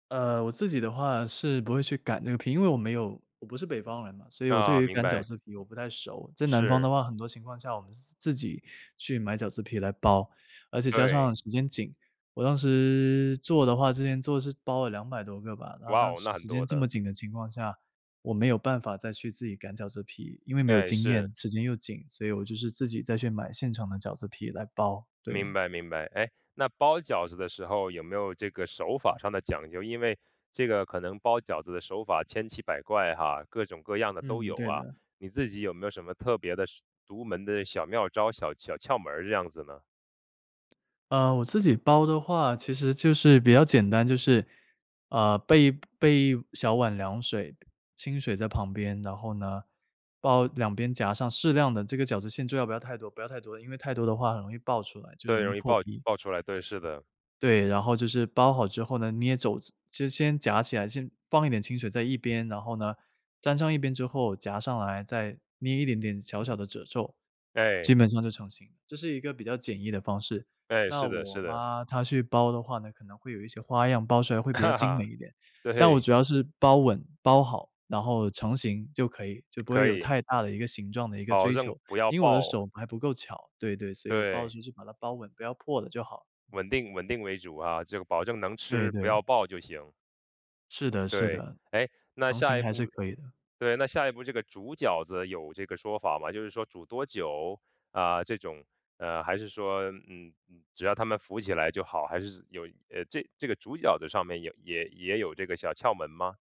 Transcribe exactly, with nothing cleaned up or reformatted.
呃，我自己的话，是不会去擀那个皮。因为我没有我不是北方人嘛，所以我对啊，于明擀饺白。子皮我不太熟。在南方的是。话，很多情况下，我们是自己去买饺子皮来包。而且加对。上时间紧。我当时做的话之前做是包了两百多个吧。那哇那哦，那很时间多这么的。紧的情况下，我没有办法，再去自己擀饺子皮。因为没有对，经是。验，时间又紧，所以我就是自己再去买现成的饺子皮来包，明对。白明白。诶，那包饺子的时候，有没有这个手法上的讲究？因为，这个可能包饺子的手法千奇百怪，哈，各种各样的都嗯，有，对啊。的。你自己有没有什么特别的、独门的小妙招、小小窍门这样子呢？呃，我自己包的话，其实就是比较简单。就是，呃，备一备一小碗凉水清水在旁边。然后呢，包两边，夹上适量的这个饺子馅，最好不要太多不要太多。因为太多的话很容易爆出来，就对，容易容易破爆皮。爆出来。对，是的。对，然后就是包好之后呢，捏褶子。就先夹起来，先放一点清水在一边。然后呢，粘上一边之后，夹上来，再捏一点点小小的褶皱，哎。基本上就成形。这是一个比较简易的方式。哎，那是的我是的。妈，她去包的话呢，可能会有一些花样，包出来会比较哈精美哈，一点。但我对。主要是包稳、包好，然后成型就可以，就不会可有以。太大的一个形状的一个保追证求。不要因为我的爆。手还不够巧，对对，所以我包的对。时候就把它包稳，不要破了就好。嗯。稳定稳定为主，啊。这个保证能对吃，不对。要爆就行。是的是对。的，诶，那成型下一还是步可以的。对，那下一步，这个煮饺子有这个说法吗？就是说煮多久？啊，这种，呃还是说，嗯，只要它们浮起来就好。还是有这这个煮饺子上面，也也也有这个小窍门吗？